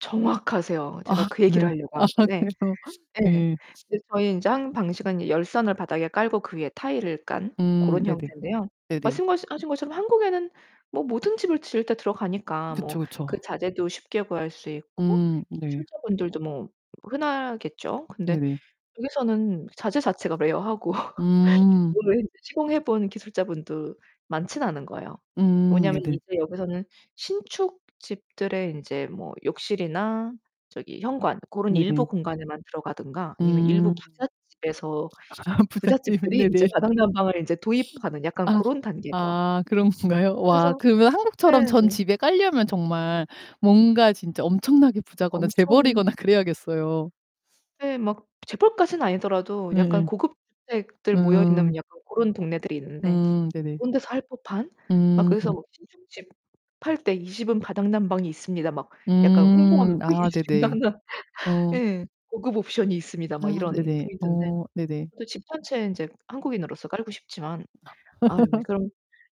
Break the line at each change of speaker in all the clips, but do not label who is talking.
정확하세요. 제가
아
그 얘기를
그래요?
하려고
아
한 건데
그래요.
예.
예.
이제 저희 인제 한 방식은 이 열선을 바닥에 깔고 그 위에 타일을 깐
음
고런
네네.
형태인데요.
네네.
말씀거시 하신 것처럼 한국에는 뭐 모든 집을 지을 때 들어가니까
그쵸,
뭐 그
그쵸.
자재도 쉽게 구할 수 있고
음. 네.
기술자분들도 뭐 흔하겠죠. 근데
네네.
여기서는 자재 자체가 rare하고
음.
그거는 시공해 본 기술자분도 많진 않은 거예요.
음.
뭐냐면
네네.
이제 여기서는 신축 집들의 인제 뭐 욕실이나 저기 현관 고런 일부
네네.
공간에만 들어가든가 아니면 일부
음.
부잣집에서
아 부잣집은
부잣집들이 인제
네네.
바닥 난방을 이제 도입하는 약간
아.
고런 단계죠.
아 그런 건가요? 와
그래서
그러면 한국처럼
네.
전 집에 깔려면 정말 뭔가 진짜 엄청나게 부자거나
엄청
재벌이거나 그래야겠어요.
네 막 재벌까지는 아니더라도 약간
예예.
고급 주택들 모여 있는
음.
약간 고런 동네들이 있는데
음. 네네.
그런 데서 할 법한 막
음.
그래서 신축 집 팔 때 "이 집은 바닥 난방이 있습니다." 막 약간 홍보하는
음.
[unintelligible]
아 네네. 어.
예. "고급 옵션이 있습니다."
아
막 이런
네네.
포인트인데.
어 네네.
저도 집 1 채에 인제 한국인으로서 깔고 싶지만 아유 이 그럼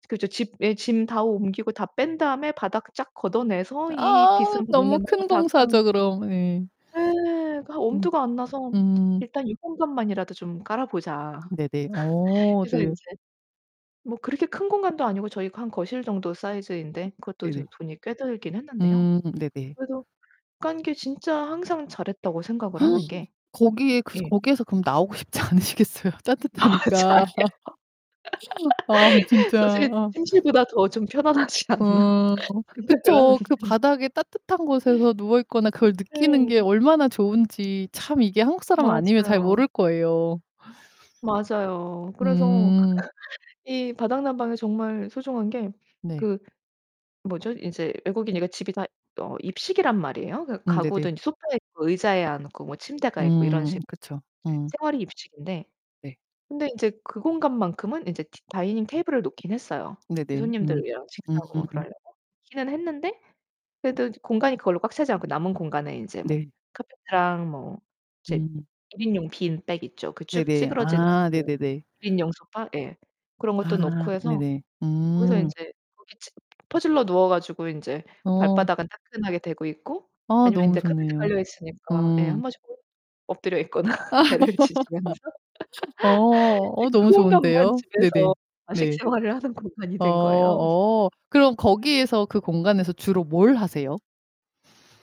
그죠. 집 예 짐 다 옮기고 다 뺀 다음에 바닥 쫙 걷어내서 이
아
비싼 바닥
너무
난방을
큰
다 깐
공사죠, 그럼. 예.
예. 그러니까
음.
엄두가 안 나서
음.
일단 이 공간만이라도 좀 깔아 보자.
네네. 어
그래서
네네.
인제 뭐 그렇게 큰 공간도 아니고 저희 거 한 거실 정도
어
사이즈인데 그것도
네네.
도 돈이 꽤 들긴 했는데요.
음. 네네.
그래도 깐 게 진짜 항상 잘했다고 생각을 하는 게
거기에 그래서
예.
거기에서 그럼 나오고 싶지 않으시겠어요,
맞아요.
따뜻하니까. 아, 그럼 진짜
사실
어.
'침실보다 더 좀 편안하지 않나.'
어
생각을
그쵸.
하는데
그 바닥에 따뜻한 곳에서 누워 있거나 그걸 느끼는
네.
게 얼마나 좋은지 참 이게 한국 사람 아니면 잘
맞아요.
모를 거예요.
맞아요. 그래서
음.
이 바닥난방이 정말 소중한 게
네.
그 뭐죠? 이제 외국이니까 집이 다 어 입식이란 말이에요. 그
음
가구도
네네.
인제 소파에 뭐 의자에 앉고 뭐 침대가 있고 이런
음.
식
그쵸. 음.
생활이 입식인데
네.
근데 인제 그 공간만큼은 인제 디 다이닝 테이블을 놓긴 했어요, 이
네네. 음.
손님들이랑 식사하고 뭐
음.
그러려고 놓기는 했는데 그래도 공간이 그걸로 꽉 차지 않고 남은 공간에 인제 뭐
네.
카페트랑 뭐 이제
음.
1 인용 빈백 있죠. 그 쭉
네네.
찌그러지는
아.
그
네네네.
1 인용 소파, 예. 그런 것도
아.
놓고 해서
네네.
거기서
음.
인제 거기 지금 퍼질러 누워 가지고 인제
어.
발바닥은 따끈하게 대고 있고
아,
아니면
너무
인제 카펫
좋네요.
깔려 있으니까 예
음.
1 번씩 엎드려 있거나 배를 지지면서
어.
이제
어
그
너무
공간만
좋은데요.
집에서
네네.
좌식
네.
생활을 하는 공간이
어.
된 거예요.
어 그럼 거기에서 그 공간에서 주로 뭘 하세요?